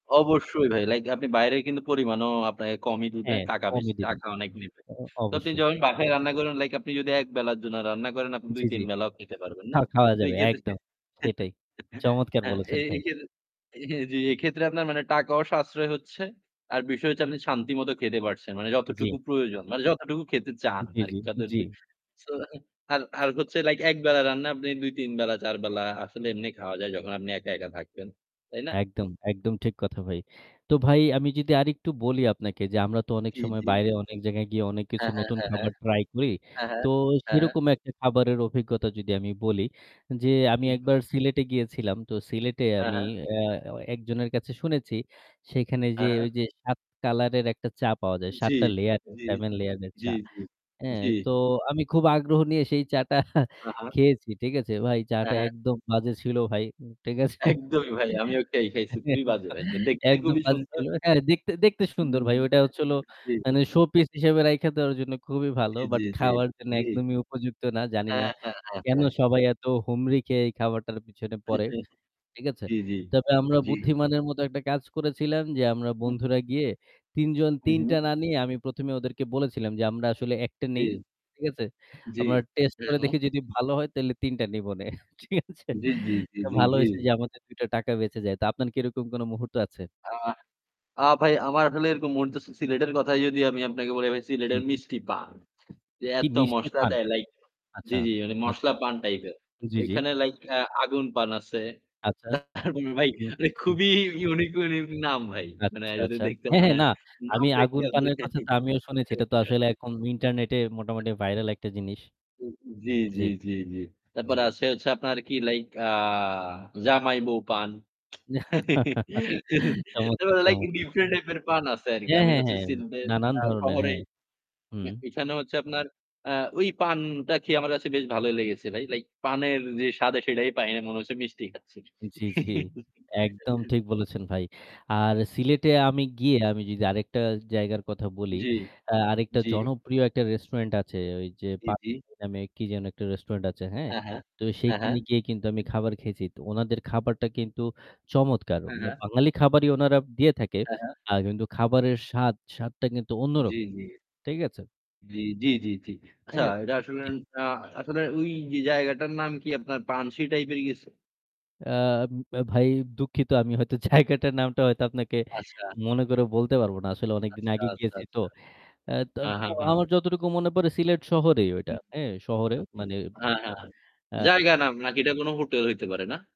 অবশ্যই ভাই। Like আপনি বাইরে কিন্তু পরিমাণও আপনাকে কমই দিবে, হ্যাঁ, টাকা কমই বেশি দিবে। টাকা অনেক নিবে। অ অ তো আপনি অবশ্যই। যখন বাসায় রান্না করেন, like আপনি যদি ১ বেলার জন্য রান্না করেন, আপনি জি, জি। ২-৩ বেলাও খেতে পারবেন, খা নো? খাওয়া তো যাবে এইক্ষেত্রে একদম। সেটাই। চমৎকার হ্যাঁ, বলেছেন এই ভাই। এই ক্ষেত্রে হ্যাঁ, জি, এইক্ষেত্রে আপনার মানে টাকাও সাশ্রয় হচ্ছে, আর বিষয় হচ্ছে আপনি শান্তিমত খেতে পারছেন। মানে জি। যতটুকু প্রয়োজন, মানে যতটুকু খেতে চান জি, আর জি। যাদের জি। So আর আর হচ্ছে like একবেলার রান্না আপনি ২-৩ বেলা, ৪ বেলা আসলে এমনি খাওয়া যায় যখন আপনি একা, একা থাকবেন। তাই না? একদম, একদম ঠিক কথা ভাই। তো ভাই আমি যদি আরেকটু বলি আপনাকে যে আমরা তো অনেক জি, সময় জি। বাইরে অনেক জায়গায় গিয়ে অনেক কিছু হ্যাঁ, হ্যাঁ, নতুন হ্যাঁ, হ্যাঁ। খাবার try করি। হ্যাঁ, হ্যাঁ। তো হ্যাঁ, হ্যাঁ। সেরকম একটা খাবারের অভিজ্ঞতা যদি আমি বলি যে আমি হু, হুম। একবার সিলেটে গিয়েছিলাম। তো সিলেটে হ্যাঁ, আমি হ্যাঁ। অ্যা অ অ্যা একজনের কাছে শুনেছি সেখানে যে হ্যাঁ, হ্যাঁ। ওই যে ৭ color-এর একটা চা পাওয়া যায়। আ ৭ জি, টা layer, জি। 7 layer-এর জি, চা। জি। হ্যাঁ, জি। তো আমি খুব আগ্রহ নিয়ে সেই চাটটা হা, হা। খেয়েছি। ঠিক আছে? ভাই চা হ্যাঁ, টা হ্যাঁ। একদম বাজে ছিল ভাই। ঠিক আছে? একদমই ভাই, আমিও একটা খেই খাইছি। খুবই একদ বাজে ভাই। দেখতে একদম খুবই বাজে সুন্দর। ছিল। হ্যাঁ, দেখতে দেখতে সুন্দর ভাই। হুম, ওইটা হচ্ছিল [unintelligible] জি। মানে showpiece হিসেবে রাইখা দেওয়ার জন্য খুবই ভালো। জি, জি, But জি। খাওয়ার জন্য জি। একদমই উপযুক্ত না। জানিনা হ্যাঁ, হ্যাঁ, হ্যাঁ, কেন হ্যাঁ। সবাই এত হুমড়ি খেয়ে এই খাবারটার পিছনে পড়ে। ঠিক আছে? জি, জি। তবে আমরা জি। বুদ্ধিমানের মত একটা কাজ করেছিলাম যে আমরা হুম। বন্ধুরা গিয়ে ৩ জন ৩ টা উহুম। না নিয়ে আমি ১ম এই ওদেরকে বলেছিলাম যে আমরা আসলে একটা নেই। জি। ঠিক আছে? জি। জি। আমরা test হু, করে হুম। দেখি যদি ভালো হয় তাইলে ৩ টা নিবনে। ঠিক আছে? জি, জি, জি, জি, ভালো জি। হইছে যে আমাদের ২ টা টাকা বেঁচে যায়। তো আপনার কি এরকম কোনো মুহূর্ত আছে? আ আ ভাই আমার আসলে এরকম মন তো সিলেটের কথাই যদি আমি আপনাকে বলি, আমি জি, সিলেটের জি। মিষ্টিপান। যে কি এত মিষ্টি মসলা পান? দেয়, like জি, আচ্ছা, জি মানে আচ্ছা, মসলা পান আচ্ছা। type এর। জি, জি। ওইখানে like অ্যা আগুন পান আছে। আচ্ছা। তারপরে ভাই হু, মানে হু। খুবই unique, unique নাম ভাই। মানে আচ্ছা, আই যদি আচ্ছা। দেখতে হ্যাঁ, হ্যাঁ, মানে না। নাম আমি দেখে আগুন পানের আপনি কথাটা আমিও শুনেছি। এটা তো আসলে এখন internet-এ মোটামুটি viral একটা জিনিস। [unintelligible] জি, জি, জি, জি, জি। তারপর জি। আসে হচ্ছে আপনার কি like আ জামাই-বৌ পান। চমৎকার, তারপর like চমৎকার। different এক পান আছে আরকি। হ্যাঁ, আমি হ্যাঁ, হচ্ছে হ্যাঁ। সিলেটের নানান আ ধরনের, শহরেই, হ্যাঁ। হুম। এখানে হচ্ছে আপনার অ্যা ওই পানটা খেয়ে আমার কাছে বেশ ভালো লেগেছে ভাই। Like পানের যে স্বাদ আছে সেটাই পাই না। মনে হচ্ছে মিষ্টি খাচ্ছি। জি, জি। একদম ঠিক বলেছেন ভাই। আর সিলেটে আমি গিয়ে আমি যদি আরেকটা জায়গার কথা বলি, জি, অ্যা আরেকটা জি। জনপ্রিয় একটা restaurant আছে ওই যে জি, জি। 'পানশি' নামে কি জানি একটা restaurant আছে, হ্যাঁ? হ্যাঁ, হ্যাঁ। তো হ্যাঁ, হ্যাঁ। সেইখানে গিয়ে কিন্তু আমি খাবার খেয়েছি। তো ওনাদের খাবারটা কিন্তু চমৎকার। হ্যাঁ, বা হ্যাঁ। বাঙালি খাবারই ওনারা দিয়ে থাকে। হ্যাঁ, হ্যাঁ। আ কিন্তু খাবারের স্বাদ, স্বাদটা কিন্তু জি, অন্যরকম। জি। ঠিক আছে? জি, জি, জি, জি। আচ্ছা, হ্যাঁ। ঐটা আসলে জি। অ্যান আ আসলে ওই যে জায়গাটার নাম কি আপনার? 'পানশি' type এর কিছু? অ্যা উ ভাই দুঃখিত আমি হয়তো জায়গাটার নামটা হয়তো আপনাকে আচ্ছা। মনে করে বলতে পারব না। আসলে অনেকদিন আচ্ছা, আগে আচ্ছা, গিয়েছি তো। আচ্ছা। অ্যা্ হ্যাঁ, তো হ্যাঁ, হ্যাঁ। আমার যতটুকু মনে পড়ে সিলেট শহরেই ওইটা। হুম, হ্যাঁ, শহরে আচ্ছা, মানে হ্যাঁ, হ্যাঁ, হ্যাঁ। আ জায়গা নাম নাকি এটা কোনো হোটেল হইতে পারে, না?